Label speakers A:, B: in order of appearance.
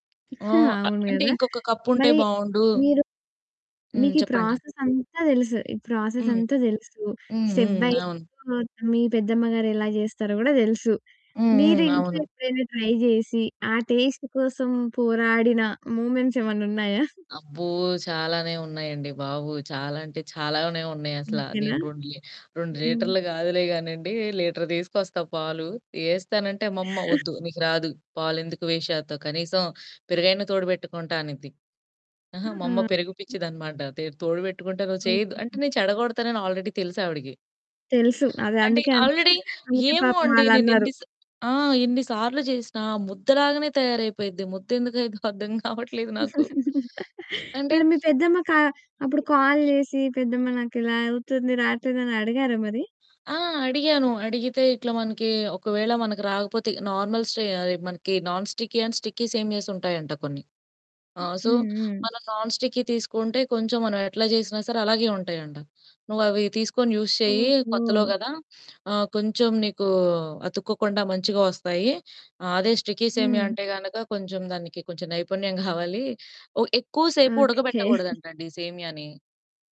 A: ఆ!
B: హా! అవును
A: అంటే
B: గదా!
A: ఇంకొక కప్పుంటే
B: మరి
A: బావుండు.
B: మీరు
A: హ్మ్.
B: మీకీ
A: చెప్పండి.
B: ప్రాసెస్ అంతా తెలుసు. ఈ ప్రాసెస్
A: హ్మ్.
B: అంతా తెలుసు.
A: హ్మ్‌.
B: స్టె
A: హ్మ్‌.
B: బై
A: అవును.
B: స్టెప్ మీ పెద్దమ్మ గారు ఎలా చేస్తారో కూడా తెలుసు.
A: హ్మ్‌‌. హ్మ్.
B: మీరింట్లో
A: అవును.
B: ఎప్పుడైనా ట్రై జేసి ఆ టేస్ట్ కోసం పోరాడిన మూమెంట్స్ ఏమన్నా ఉన్నాయా?
A: అబ్బో! చాలానే ఉన్నాయండి బాబు. చాలా అంటే చాలానే ఉన్నాయసలా.
B: అంతేనా?
A: నేను రొండు లీ రొండు
B: హ్మ్
A: లీటర్లు గాదులే గానండి. లీటర్ తీసుకొస్తా పాలు. ఏస్తానంటే అమ్మమ్మ వద్దు నీకు రాదు పాలెందుకు వేస్ట్ చేత్తావు. కనీసం పెరుగైనా తోడు బెట్టుకుంటా అనిద్ది. అహా! మా అమ్మ పెరుగు పిచ్చిదన్నమాట. తే తోడు పెట్టుకుంటే నువ్వు చెయ్యద్దు. అంటే
B: ఓకే.
A: నేను చెడగొడతానని ఆల్రెడీ తెలుసావిడకి.
B: తెలుసు. అదే
A: అంటే
B: అందుకే అం
A: ఆల్రెడీ
B: అందుకే
A: ఏమో
B: పాపం
A: అండి! నేను
B: వాళ్ళన్నారు.
A: ఎన్ని‌సా ఆ! ఎన్నిసార్లు జేసినా ముద్దలాగానే తయారైపోయిద్ది. ముద్దెందుకవుద్దో అర్థం కావట్లేదు నాకు. అంటే!
B: మరి మీ పెద్దమ్మ‌ కా అప్పుడు కాల్ జేసి పెద్దమ్మ నాకిలా అవుతుంది రాట్లేదని అడిగారా మరి?
A: ఆ! అడిగాను. అడిగితే ఇట్లా మనకి ఒకవేళ మనకు రాకపోతే నార్మల్‌‌‌ స్ట్రే అయి మనకి నాన్ స్టిక్కీ అండ్ స్టిక్కీ సేమియాస్ ఉంటాయంట కొన్ని. ఆ!
B: హ్మ్.
A: సో
B: హ్మ్.
A: మనం నాన్ స్టిక్కీ తీసుకుంటే కొంచెం మనమెట్లా జేసినా సరే అలాగే ఉంటాయంట. నువ్వవి తీసుకొని యూస్ చెయ్యి కొత్తలో
B: ఓహో!
A: గదా! ఆహ్, కొంచెం నీకూ అతుక్కోకుండా మంచిగా వస్తాయి. ఆహ్, అదే స్టికీ సేమియా
B: హ్మ్.
A: అంటే గనక కొంచెం దానికి కొంచెం నైపుణ్యం గావాలి. ఒ ఎక్కువసేపు
B: ఓకే.
A: ఉడకబెట్టగూడదంటండి సేమియాని.